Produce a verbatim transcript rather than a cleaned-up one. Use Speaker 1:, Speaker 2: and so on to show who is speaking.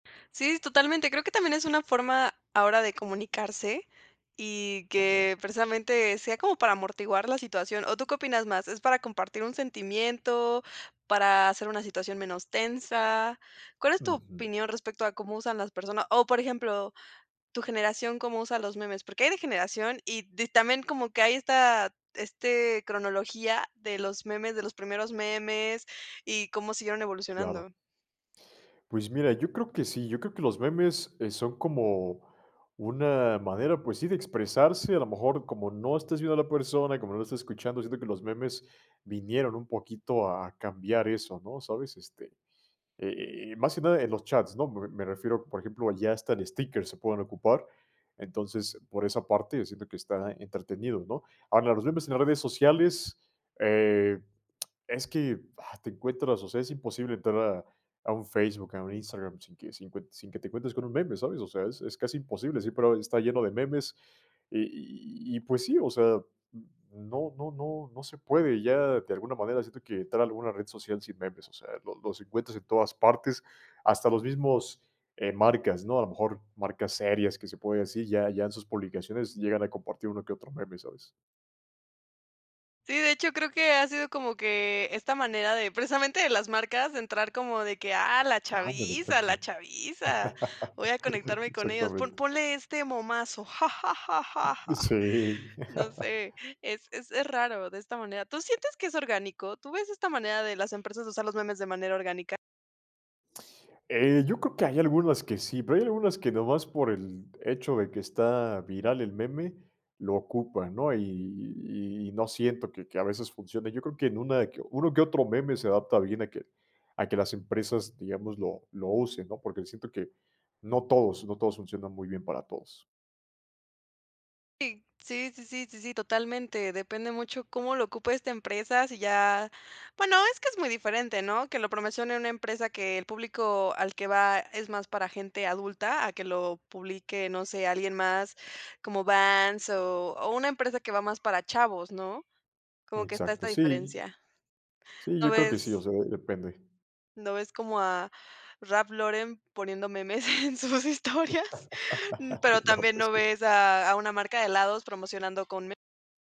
Speaker 1: Sí, totalmente. Creo que también es una forma ahora de comunicarse y
Speaker 2: También.
Speaker 1: que, precisamente, sea como para amortiguar la situación. ¿O tú qué opinas más? ¿Es para compartir un sentimiento, para hacer una situación menos tensa? ¿Cuál es tu
Speaker 2: Ujú.
Speaker 1: opinión respecto a cómo usan las personas? O, por ejemplo, ¿tu generación cómo usa los memes? Porque hay de generación y di también como que hay esta este cronología de los memes, de los primeros memes y cómo siguieron
Speaker 2: Claro.
Speaker 1: evolucionando.
Speaker 2: Pues mira, yo creo que sí. Yo creo que los memes, eh, son como una manera, pues sí, de expresarse. A lo mejor, como no estás viendo a la persona y como no la estás escuchando, siento que los memes vinieron un poquito a cambiar eso, ¿no? ¿Sabes? Este, eh eh eh más que nada en los chats, ¿no? Me me refiero, por ejemplo, ya hasta en stickers se pueden ocupar. Entonces, por esa parte yo siento que está entretenido, ¿no? Ahora, los memes en las redes sociales, eh, es que, ¡ah! Te encuentras, o sea, es imposible entrar a a un Facebook, a un Instagram sin que sin cue sin que te encuentres con un meme, ¿sabes? O sea, es es casi imposible, siempre ahora está lleno de memes, eh, y y y -y pues sí. O sea, n no no no no se puede ya de alguna manera, siento que entrar a alguna red social sin memes, o sea, lo los encuentras en todas partes. Hasta los mismos, eh, marcas, ¿no? A lo mejor marcas serias, que se puede decir, ya ya en sus publicaciones llegan a compartir uno que otro meme, ¿sabes?
Speaker 1: Sí. De hecho, creo que ha sido como que esta manera de, precisamente de las marcas, entrar como de que ah, la
Speaker 2: Ándale,
Speaker 1: chaviza, la
Speaker 2: exacto.
Speaker 1: chaviza, voy a conectarme con ellos. Pon
Speaker 2: Exactamente.
Speaker 1: ponle este momazo. Ja, ja, ja, ja, ja.
Speaker 2: Sí.
Speaker 1: No sé, es es es raro, de esta manera. ¿Tú sientes que es orgánico? ¿Tú ves esta manera de las empresas usar los memes de manera orgánica?
Speaker 2: Eh, yo creo que hay algunas que sí, pero hay algunas que nomás por el hecho de que está viral el meme lo ocupan, ¿no? Y y y no siento que que a veces funcione. Yo creo que en una de que uno que otro meme se adapta bien a que a que las empresas, digamos, lo lo usen, ¿no? Porque siento que no todos, no todos funcionan muy bien para todos.
Speaker 1: Sí. Sí sí sí sí totalmente. Depende mucho cómo lo ocupe esta empresa. Sí, ya bueno, es que es muy diferente, ¿no? Que lo promecione una empresa que el público al que va es más para gente adulta, a que lo publique, no sé, alguien más como Vans o o una empresa que va más para chavos, ¿no? Como que está esta
Speaker 2: Exacto, sí.
Speaker 1: diferencia.
Speaker 2: Sí,
Speaker 1: No
Speaker 2: yo creo que sí. O
Speaker 1: ves
Speaker 2: sea, de depende.
Speaker 1: no ves como a Raph Lauren poniendo memes en sus historias, mm, pero
Speaker 2: No
Speaker 1: también
Speaker 2: pues
Speaker 1: no
Speaker 2: sí.
Speaker 1: ves a a una marca de helados promocionando con me